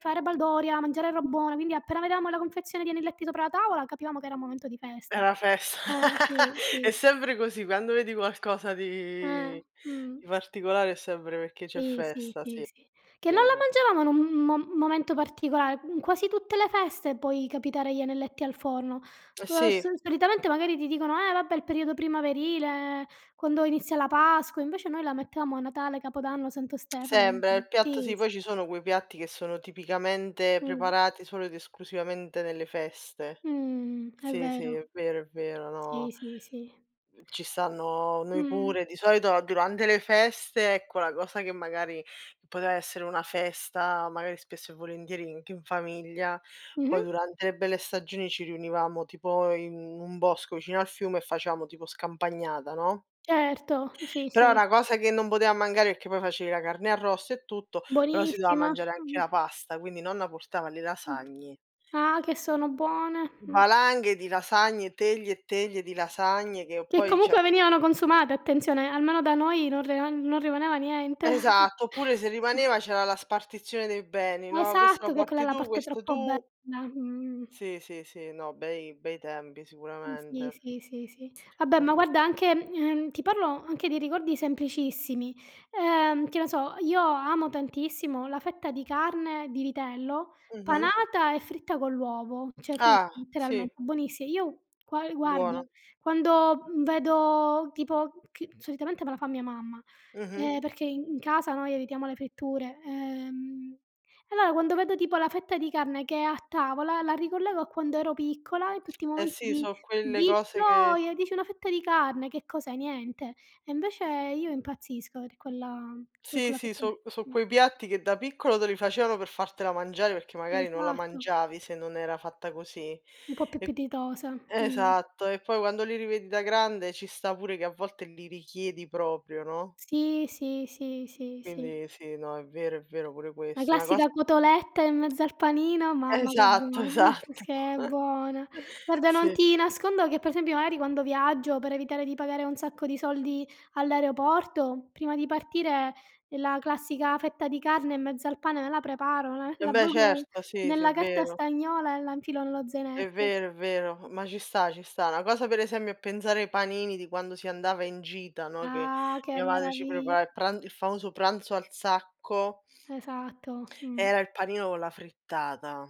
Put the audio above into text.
Fare baldoria, mangiare roba buona, quindi appena vedevamo la confezione di anelletti sopra la tavola, capivamo che era un momento di festa. Era festa, Eh, sì, è sì. sempre così, quando vedi qualcosa Eh, di di mh. particolare è sempre perché c'è Sì, sì, festa, sì, sì, sì. Che non la vero. mangiavamo in un m mo momento particolare, mhmm, quasi tutte le feste puoi capitare gli anelletti al forno. Eh, Uhm, s sì. solitamente magari ti dicono: "Eh vabbè, il periodo primaverile, quando inizia la Pasqua", invece noi la mettevamo a Natale, Capodanno, Santo Stefano, Sembe mh-mh, il piatto, sì, sì, s poi ci sono quei piatti che sono tipicamente Mh. preparati solo ed esclusivamente nelle feste. Mh, è Sì, sì, è vero. vero, è vero, Sì, no. sì, sì. Ehm, ci stanno noi Mh. pure, di solito durante le feste, ecco, la cosa che magari poteva essere una festa, magari spesso e volentieri anche in famiglia, poi Mh-mh. durante le belle stagioni ci riunivamo tipo in un bosco vicino al fiume e facevamo tipo scampagnata, no? Certo, sì, Però è sì. una cosa che non poteva mancare perché poi facevi la carne arrosto e tutto, però si doveva Buonissima, mangiare mamma anche la mia. pasta, quindi nonna portava le lasagne. Ah! Che sono buone, mh. Valanghe di lasagne, teglie e teglie di lasagne che Che poi, cioè comunque venivano consumate, attenzione, almeno da noi non re ehm, non rimaneva niente. Esatto, oppure se rimaneva c'era la spartizione dei beni, no: "Questo lo Esatto! Che quella è porti la tu, parte questo troppo bella, tu..." mhmm. Sì, sì, sì, no, bei bei tempi Mh, sì, sicuramente. sì, sì, sì. Vabbè Que ma guarda anche ehm, ti parlo anche di ricordi semplicissimi, ehm, che ne so, io amo tantissimo la fetta di carne di vitello, Mh-mh. panata e fritta con l'uovo, cioè frit Ah, sì. letteralmente, buonissi io gua ehm, guarda: Buono. quando, mhmm, vedo tipo che solitamente me la fa mia mamma, Mh-mh. ehm, perché i in casa noi evitiamo le fritture. Ehm, e allora quando vedo tipo la fetta di carne che è a tavola, la ricollego a quando ero piccola in tutti i Eh, momenti sì, di so' quelle di cose che gioia, e dici una fetta di carne che cos'è, niente. E invece io impazzisco per quella per Sì, quella sì, fettina, so' so' mh. quei piatti che da piccolo te li facevano per fartela mangiare, perché magari non la Esatto. mangiavi se non era fatta così, Un po' più e appetitosa, mh. esatto e poi quando li rivedi da grande ci sta pure che a volte li richiedi proprio, no? Sì, sì, sì, sì, sì. Quindi sì, no, è vero, è vero pure La questo. Una cosa classica cotoletta in mezzo al panino, mamma che Esatto, buona, esatto. se è buona. Guarda non Sì. ti nascondo che per esempio magari quando viaggio per evitare di pagare un sacco di soldi all'aeroporto, prima di partireì la classica fetta di carne in mezzo al pane me la preparo, l Eh la beh, avvolgono nel certo, sì, sì, nella è carta vero. stagnola e la infilo nello È zainetto. vero, è vero, ma ci sta, ci sta. Una cosa per esempio è pensare ai panini di quando si andava in gita, no, che Ah, che mia madre ci prepara meravigl il pra il famoso pranzo al sacco Esatto, era mh. il panino con la frittata.